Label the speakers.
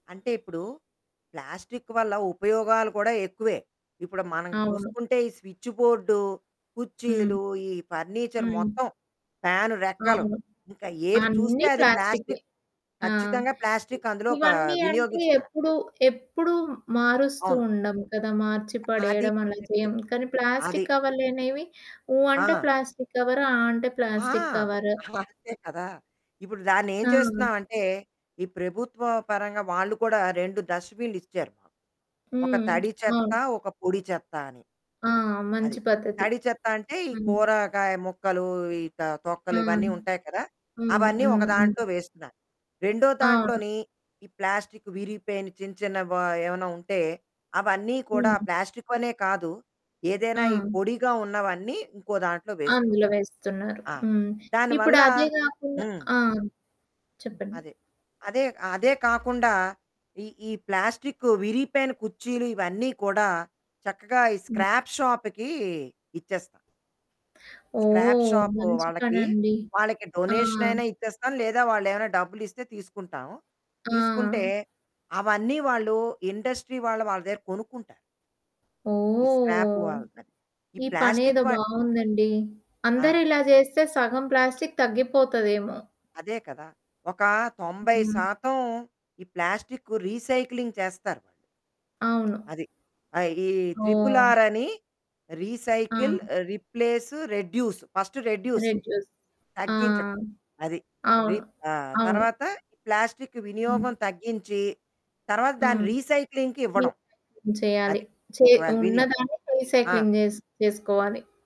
Speaker 1: అంటే ఇప్పుడు ప్లాస్టిక్ వల్ల ఉపయోగాలు కూడా ఎక్కువే. ఇప్పుడు మనం
Speaker 2: అవును.
Speaker 1: చూసుకుంటే ఈ స్విచ్చు బోర్డు,
Speaker 2: హ్మ్.
Speaker 1: కుర్చీలు ఈ ఫర్నిచర్
Speaker 2: హ్మ్.
Speaker 1: మొత్తం. ఫ్యాను రెక్కలు.
Speaker 2: అవును.
Speaker 1: ఇంకా ఏది చూస్తే
Speaker 2: అన్నీ
Speaker 1: అది
Speaker 2: ప్లాస్టిక్‌‌వే,
Speaker 1: ప్లాస్టిక్
Speaker 2: ఆ!
Speaker 1: ఖచ్చితంగా ప్లాస్టిక్ అందులో ఒక
Speaker 2: ఇవన్నీ అంటే
Speaker 1: వినియోగిస్తారు.
Speaker 2: ఎప్పుడు, ఎప్పుడూ మారుస్తూ
Speaker 1: అవును.
Speaker 2: ఉండం కదా! మార్చి
Speaker 1: అది.
Speaker 2: పడేయడం అలా
Speaker 1: కరెక్ట్
Speaker 2: చేయం. కానీ
Speaker 1: అది.
Speaker 2: ప్లాస్టిక్ కవర్లనేవి ఊ అంటే
Speaker 1: ఆ!
Speaker 2: Plastic cover. ఆ అంటే
Speaker 1: ఆ!
Speaker 2: Plastic cover.
Speaker 1: అంతే కదా! ఇప్పుడు దాన్నేం
Speaker 2: ఆ!
Speaker 1: చేస్తున్నాామంటే, ఈ ప్రభుత్వ పరంగా వాళ్ళు కూడా 2 డస్ట్‌బిన్లు ఇచ్చారు మాట. ఒక
Speaker 2: హ్మ్.
Speaker 1: తడి చెత్త,
Speaker 2: అవును.
Speaker 1: ఒక పొడి చెత్త అని.
Speaker 2: ఆ!
Speaker 1: అది.
Speaker 2: మంచి పద్ధతి.
Speaker 1: తడి చెత్త అంటే ఈ
Speaker 2: హ్మ్.
Speaker 1: కూరగాయ ముక్కలు ఈ త
Speaker 2: ఆ!
Speaker 1: తొక్కలు ఇవన్నీ
Speaker 2: హ్మ్.
Speaker 1: ఉంటాయి కదా!
Speaker 2: హ్మ్.
Speaker 1: అవన్నీ ఒక
Speaker 2: హ్మ్.
Speaker 1: దాంట్లో వేస్తున్నాను. రెండో
Speaker 2: అవును.
Speaker 1: దాంట్లోని, ఈ ప్లాస్టిక్ విరిగిపోయిన చిన్న చిన్న వ ఏమైనా ఉంటే. అవన్నీ కూడా
Speaker 2: హ్మ్.
Speaker 1: ప్లాస్టిక్ వనే కాదు. ఏదైనా ఈ
Speaker 2: ఆ!
Speaker 1: పొడిగా ఉన్నవన్నీ ఇంకో దాంట్లో వేస్తున్నాం.
Speaker 2: అందులో వేస్తున్నారు.
Speaker 1: ఆ!
Speaker 2: హ్మ్. ఇప్పుడు
Speaker 1: దానివల్ల
Speaker 2: అదే గాకుండా
Speaker 1: హ్మ్.
Speaker 2: ఆ! చెప్పండి.
Speaker 1: అదే. అదే. అదే కాకుండా, ఈ ఈ ప్లాస్టిక్ విరిగిపోయైన కుర్చీలు ఇవన్నీ కూడా చక్కగా ఈ
Speaker 2: హ్మ్.
Speaker 1: స్క్రాప్ షాపుకి ఇచ్చేస్తాం. స్క్రాప్
Speaker 2: ఓహ్!
Speaker 1: షాప్
Speaker 2: మంచి
Speaker 1: వాళ్ళకి,
Speaker 2: పనండి.
Speaker 1: వాళ్ళకి
Speaker 2: ఆ!
Speaker 1: డొనేషన్ అయినా ఇచ్చేస్తాం. లేదా వాళ్ళేమైనా డబ్బులిస్తే తీసుకుంటాం.
Speaker 2: ఆ!
Speaker 1: తీసుకుంటే, అవన్నీ వాళ్ళు ఇండస్ట్రీ వాళ్ళు వాళ్ళ దగ్గర కొనుక్కుంటారు. ఈ స్క్రాప్
Speaker 2: ఓహ్.
Speaker 1: వాళ్ళద ఈ
Speaker 2: ఈ
Speaker 1: ప్లాస్టిక్
Speaker 2: పనేదో
Speaker 1: వాట్
Speaker 2: బావుందండి. అందరూ
Speaker 1: ఆ!
Speaker 2: ఇలా చేస్తే సగం ప్లాస్టిక్ తగ్గిపోతదేమో.
Speaker 1: అదే కదా! ఒక తొంబై
Speaker 2: హ్మ్.
Speaker 1: శాతం ఈ ప్లాస్టిక్కు రీసైక్లింగ్ చేస్తారు.
Speaker 2: అవును.
Speaker 1: అది. ఆ ఈ
Speaker 2: ఓహ్!
Speaker 1: త్రిపులార్ అని, రీసైకిల్
Speaker 2: ఆ!
Speaker 1: Replace reduce. First reduce.
Speaker 2: Reduce ఆ!
Speaker 1: తగ్గించడం. అది.
Speaker 2: అవును.
Speaker 1: రిప్ ఆ
Speaker 2: అవును.
Speaker 1: తర్వాత ఈ ప్లాస్టిక్
Speaker 2: హ్మ్.
Speaker 1: వినియోగం తగ్గించి, తర్వాత దాని
Speaker 2: హ్మ్.
Speaker 1: రీసైక్లింగ్‌కి ఇవ్వడం.
Speaker 2: రీసైక్లింగ్ చేయాలి.
Speaker 1: అది.
Speaker 2: చే
Speaker 1: ఒకవేళ వినియో
Speaker 2: ఉన్నదాన్ని
Speaker 1: ఆ!
Speaker 2: రీసైక్లింగ్ జేస్ చేసుకోవాలి.